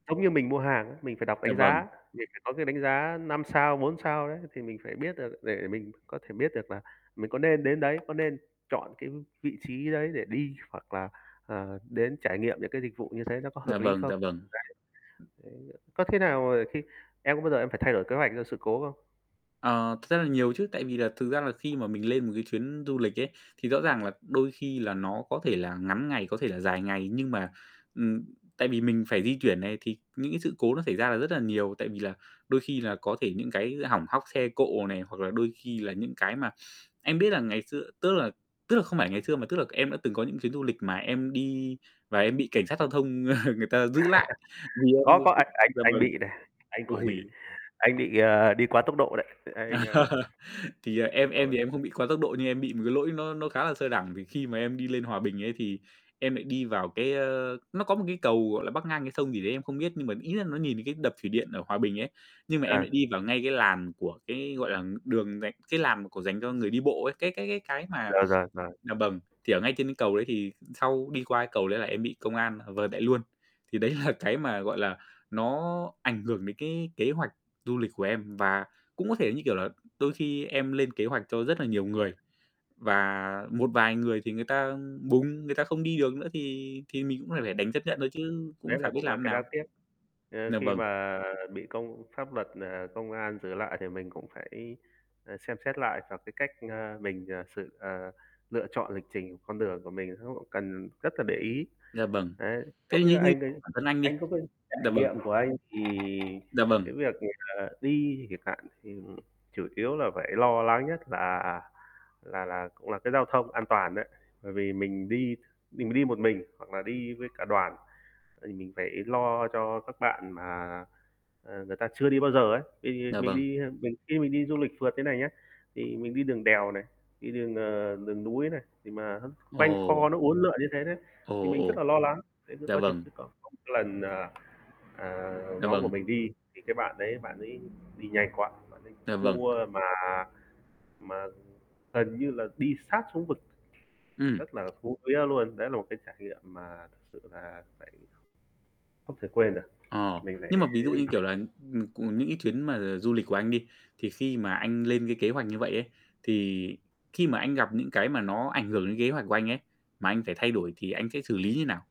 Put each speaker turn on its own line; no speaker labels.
Giống như mình mua hàng á, mình phải đọc
Dạ
đánh
vâng.
giá, mình phải có cái đánh giá 5 sao, 4 sao đấy, thì mình phải biết được để mình có thể biết được là mình có nên đến đấy, có nên chọn cái vị trí đấy để đi, hoặc là, ờ, đến trải nghiệm những cái dịch vụ như thế nó có
Dạ
hợp lý
vâng,
không?
dạ vâng.
Đấy. Đấy á, có thế nào, ờ, cái em có bao giờ em phải thay đổi kế hoạch do sự cố không?
Ờ, thật ra là nhiều chứ. Tại vì là thực ra là khi mà mình lên một cái chuyến du lịch ấy, thì rõ ràng là đôi khi là nó có thể là ngắn ngày, có thể là dài ngày, nhưng mà, ừm tại vì mình phải di chuyển này, thì những cái sự cố nó xảy ra là rất là nhiều. Tại vì là đôi khi là có thể những cái hỏng hóc xe cộ này, hoặc là đôi khi là những cái mà em biết là ngày xưa tức là tức là không phải ngày xưa, mà tức là em đã từng có những chuyến du lịch mà em đi và em bị cảnh
Ừm.
sát giao thông người ta giữ lại, vì em
Có, có anh
[unintelligible]
anh
dạ
anh
vâng.
bị này, anh cũng
Ôi.
bị, anh bị, ờ, đi quá tốc độ đấy. Anh, ơ
Thì, à,
nói
em
chung
em
là
thì em
cũng
không bị quá tốc độ, nhưng em bị một cái lỗi nó nó khá là sơ đẳng. Vì khi mà em đi lên Hòa Bình ấy, thì em lại đi vào cái ơ, nó có một cái cầu, gọi là, bắc ngang cái sông gì đấy em không biết, nhưng mà ý là nó nhìn thấy cái đập thủy điện ở Hòa Bình ấy, nhưng mà em
À.
lại đi vào ngay cái làn của cái, gọi là, ng đường dành cái làn mà của dành cho người đi bộ ấy, cái cái cái cái mà
Rồi, rồi, rồi.
dạ vâng, thì ở ngay trên cầu đấy thì sau đi qua cái cầu đấy là em bị công an, ờ, vợt lại luôn. Thì đấy là cái mà, gọi là, nó ảnh hưởng đến cái kế hoạch du lịch của em. Và cũng có thể, như kiểu là, đôi khi em lên kế hoạch cho rất là nhiều người, và một vài người thì người ta, ưm, bùng, người ta không đi được nữa, thì thì mình cũng phải phải đành chấp nhận thôi
[unintelligible]
chứ cũng
Đấy
chả
là
biết
cũng là
làm thế
cái
nào.
đáng tiếc, ơ,
Dạ
khi
vâng.
mà bị công pháp luật, ờ, công an giữ lại, thì mình cũng phải, ờ, xem xét lại vào cái cách, ơ, mình, ờ, sự, ờ, lựa chọn lịch trình của con đường của mình nó cũng cần rất là để ý.
Dạ vâng.
Đấy,
Thế
giống như
như như
anh đây,
bản thân anh
anh
đi
có cái
dạ
trải
vâng.
nghiệm của anh, thì
Dạ vâng.
cái việc là đi chẳng hạn thì, ừm, chủ yếu là phải lo lắng nhất là là là cũng là cái giao thông an toàn đấy. Bởi vì mình đi mình đi một mình hoặc là đi với cả đoàn, vậy thì mình phải lo cho các bạn mà, ờ, người ta chưa đi bao giờ ấy. Thì
Dạ
mình
vâng.
đi, a, mình khi mình đi du lịch phượt thế này nhá, thì mình đi đường đèo này, đi đường, ờ, đường núi này, thì mà nó quanh co
Ồ!
nó uốn lượn như thế đấy,
Ồ,
thì mình rất
ồ.
là lo lắng, đấy [unintelligible]
Dạ vâng.
chứ, có [unintelligible] cái lần, ờ, à,
Dạ
nhóm của
vâng.
mình đi, thì cái bạn đấy bạn ấy đi nhanh quá, bạn ấy
Dạ vâng.
cua mà mà gần như là đi sát xuống vực,
Ừm.
rất là hú vía luôn. Đấy là một cái trải nghiệm mà thực sự là phải không thể quên được,
Ờ,
mình
nhưng mà ví dụ như, kiểu là, ừm, c
[unintelligible]
những cái chuyến mà du lịch của anh đi, thì khi mà anh lên cái kế hoạch như vậy ấy, thì khi mà anh gặp những cái mà nó ảnh hưởng đến ghế hoạch của anh ấy, mà anh phải thay đổi thì anh sẽ xử lý như nào?